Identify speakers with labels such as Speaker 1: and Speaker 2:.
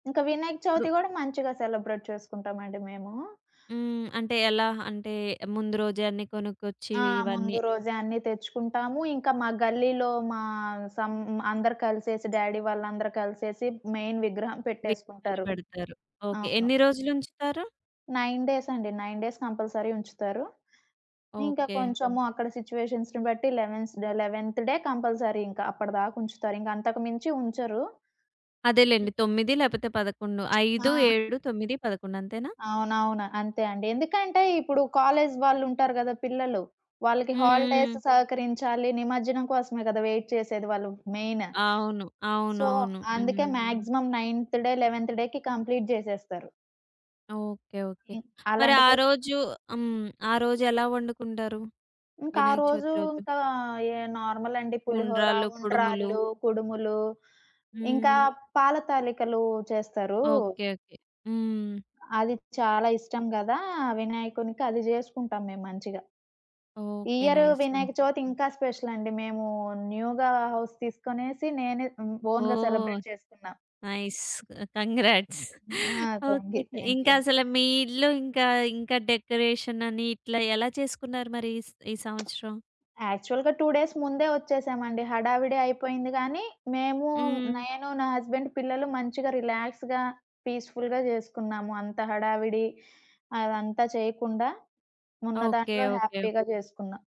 Speaker 1: ఇంకా వినాయక
Speaker 2: ఇప్పుడు
Speaker 1: చవితి గూడా మంచిగా సెలబ్రేట్ చేసుకుంటామండి మేము.
Speaker 2: హ్మ్. అంటే ఎలా? అంటే ముందు రోజే అన్ని కొనుక్కొచ్చి
Speaker 1: ఆ!
Speaker 2: ఇవన్నీ
Speaker 1: ముందు రోజే అన్నీ తెచ్చుకుంటాము. ఇంకా మా గల్లీలో మా సమ్ అందరు కలిసేసి డ్యాడీ వాళ్ళందరూ కలిసేసి మెయిన్ విగ్రహం
Speaker 2: విగ్రహాన్ని
Speaker 1: పెట్టేసుకుంటారు.
Speaker 2: బెడతారు. ఓకే.
Speaker 1: అవును.
Speaker 2: ఎన్ని రోజులుంచుతారు?
Speaker 1: 9 డేస్ అండి. 9 డేస్ కంపల్సరీ ఉంచుతారు. ఇంకా
Speaker 2: ఓకే.
Speaker 1: కొంచెము అక్కడ సిట్యుయేషన్స్‌ని బట్టి లెవెన్స్ 11థ్ డే కంపల్సరీ ఇంకా. అప్పటిదాకుంచుతారింకా. అంతకు మించి ఉంచరు
Speaker 2: అదేలెండి. 9 లేపోతే 11.
Speaker 1: ఆ!
Speaker 2: 5, 7, 9, 11. అంతేనా?
Speaker 1: అవునవును. అంతే అండి. ఎందుకంటే ఇప్పుడు కాలేజ్ వాళ్ళుంటారు గదా! పిల్లలు. వాళ్ళకి హాలిడేస్
Speaker 2: హ్మ్.
Speaker 1: సహకరించాలి. నిమజ్జనం కోసమే గదా! వెయిట్ చేసేది వాళ్ళు మెయిన్.
Speaker 2: అవును.
Speaker 1: సో,
Speaker 2: అవునవును.
Speaker 1: అందుకే
Speaker 2: హ్మ్.
Speaker 1: మాక్సిమం నైన్త్ డే, 11థ్ డేకి కంప్లీట్ జేసేస్తారు.
Speaker 2: ఓకే. ఓకే.
Speaker 1: ఇ
Speaker 2: మరి
Speaker 1: అలాంటి
Speaker 2: ఆ
Speaker 1: ఫెస్
Speaker 2: రోజు హ్మ్. ఆ రోజు ఎలా వండుకుంటారు?
Speaker 1: ఇంకా ఆ
Speaker 2: వినాయక
Speaker 1: రోజు
Speaker 2: చవితి రోజు?
Speaker 1: ఇంకా ఏ నార్మల్ అండి. పులిహోర,
Speaker 2: ఉండ్రాళ్ళు, కుడుములు
Speaker 1: ఉండ్రాళ్ళు, కుడుములు ఇంకా
Speaker 2: హ్మ్.
Speaker 1: పాల తాళికలు చేస్తారు...
Speaker 2: ఓకే. ఓకే. హ్మ్.
Speaker 1: అది చాలా ఇష్టం గదా! వినాయకునికి. అది జేసుకుంటాం మేము మంచిగా. ఈ
Speaker 2: ఓకే.
Speaker 1: Year
Speaker 2: nice. హ్మ్.
Speaker 1: వినాయక చవితి ఇంకా స్పెషలండి. మేము న్యూగా హౌస్ తీసుకొనేసి నేనే హ్మ్ ఓన్‌గా
Speaker 2: ఓహ్!
Speaker 1: సెలబ్రేట్ చేసుకున్నా.
Speaker 2: నైస్. కంగ్రాట్స్.
Speaker 1: ఆ! Thank
Speaker 2: okay.
Speaker 1: You. Thank you
Speaker 2: ఇంకా
Speaker 1: అండి.
Speaker 2: అసలు మీ ఇల్లు ఇంకా ఇంకా డెకరేషన్ అని ఇట్లా ఎలా చేసుకున్నారు మరి ఈస్ ఈ సంవత్సరం?
Speaker 1: యాక్చువల్‌గా 2 డేస్ ముందే వచ్చేసామండి. హడావిడి అయిపోయింది గానీ, మేము
Speaker 2: హ్మ్.
Speaker 1: నేను నా హస్బండ్ పిల్లలు మంచిగా రిలాక్స్‌గా పీస్‌ఫుల్‌గా చేసుకున్నాము. అంత హడావిడి అదంతా చేయకుండా, ఉన్న
Speaker 2: ఓకే.
Speaker 1: దాంట్లో
Speaker 2: ఓకే.
Speaker 1: హ్యాపీగా చేసుకున్నా.